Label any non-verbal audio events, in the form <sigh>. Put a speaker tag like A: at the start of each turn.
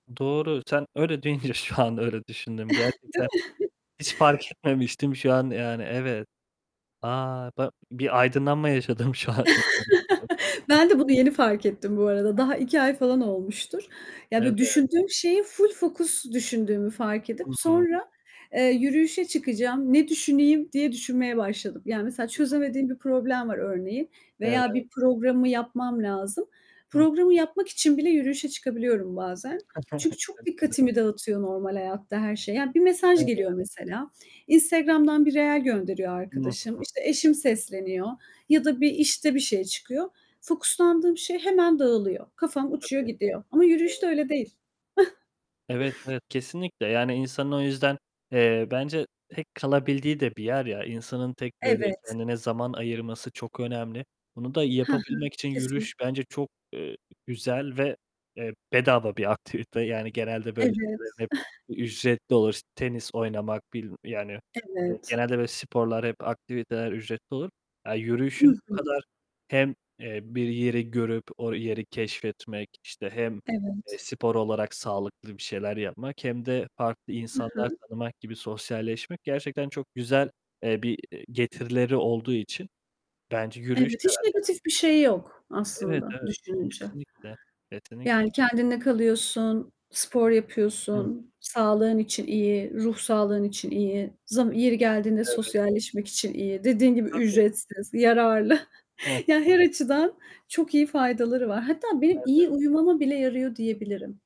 A: Doğru, sen öyle deyince şu an öyle düşündüm
B: <chuckles> Değil
A: gerçekten.
B: mi? <chuckles>
A: Hiç fark etmemiştim şu an yani, evet. A! Ba bir aydınlanma yaşadım şu an. Çok komik,
B: <chuckles>
A: <unintelligible>
B: Ben de bunu yeni fark ettim bu arada. Daha 2
A: A!
B: ay falan olmuştur. Yani, böyle,
A: Evet.
B: düşündüğüm şeyi full fokus düşündüğümü fark edip,
A: Hı hı.
B: sonra, eee, yürüyüşe çıkacağım, ne düşüneyim, diye düşünmeye başladım. Yani, mesela
A: Hı hı.
B: çözemediğim bir problem var örneğin veya
A: Evet.
B: bir programımı yapmam lazım.
A: Hı.
B: Programı yapmak için bile yürüyüşe çıkabiliyorum bazen. Çünkü çok
A: <chuckles> Çok güzel.
B: dikkatimi dağıtıyor normal hayatta her şey. Yani, bir mesaj geliyor
A: Evet.
B: mesela. Instagram'dan bir reel gönderiyor
A: Hı
B: arkadaşım.
A: hı.
B: İşte, eşim sesleniyor ya da bir, işte, bir şey çıkıyor. Fokuslandığım şey hemen dağılıyor. Kafam uçuyor
A: Tabii.
B: gidiyor ama yürüyüşte
A: Doğru.
B: öyle değil. <chuckles>
A: Evet, evet kesinlikle. Yani, insanın o yüzden, eee, bence tek kalabildiği de bir yer ya, insanın tek, böyle,
B: Evet.
A: kendine zaman ayırması çok önemli. Bunu da
B: Hı hı.
A: yapabilmek için yürüyüş
B: Kesinlikle.
A: bence çok, eee, güzel ve, eee, bedava bir aktivite yani. Genelde böyle
B: Evet.
A: şeylerin hep
B: <chuckles>
A: ücretli olur. Tenis oynamak, bil yani, eee,
B: Evet.
A: genelde böyle sporlar, hep aktiviteler ücretli olur. Aaa, yürüyüşün
B: Hı
A: bu
B: hı.
A: kadar hem, eee, bir yeri görüp o yeri keşfetmek, işte, hem, eee,
B: Evet.
A: spor olarak sağlıklı bir şeyler yapmak hem de farklı
B: Hı
A: insanlar
B: hı.
A: tanımak gibi, sosyalleşmek gerçekten çok güzel, eee, bir getirileri olduğu için bence yürüyüş
B: Evet, hiç
A: herhâlde.
B: negatif bir şey yok
A: Evet,
B: aslında
A: evet,
B: düşününce.
A: kesinlikle, kesinlikle. Yetenek
B: Yani, kendinle kalıyorsun, spor
A: Hı hı.
B: yapıyorsun, sağlığın için iyi, ruh sağlığın için iyi, z yeri geldiğinde
A: Evet.
B: sosyalleşmek için iyi, dediğin gibi
A: Tabii.
B: ücretsiz, yararlı.
A: Hı hı.
B: <chuckles> Ya, her açıdan çok iyi faydaları var. Hatta benim
A: Evet.
B: iyi uyumama bile yarıyor diyebilirim.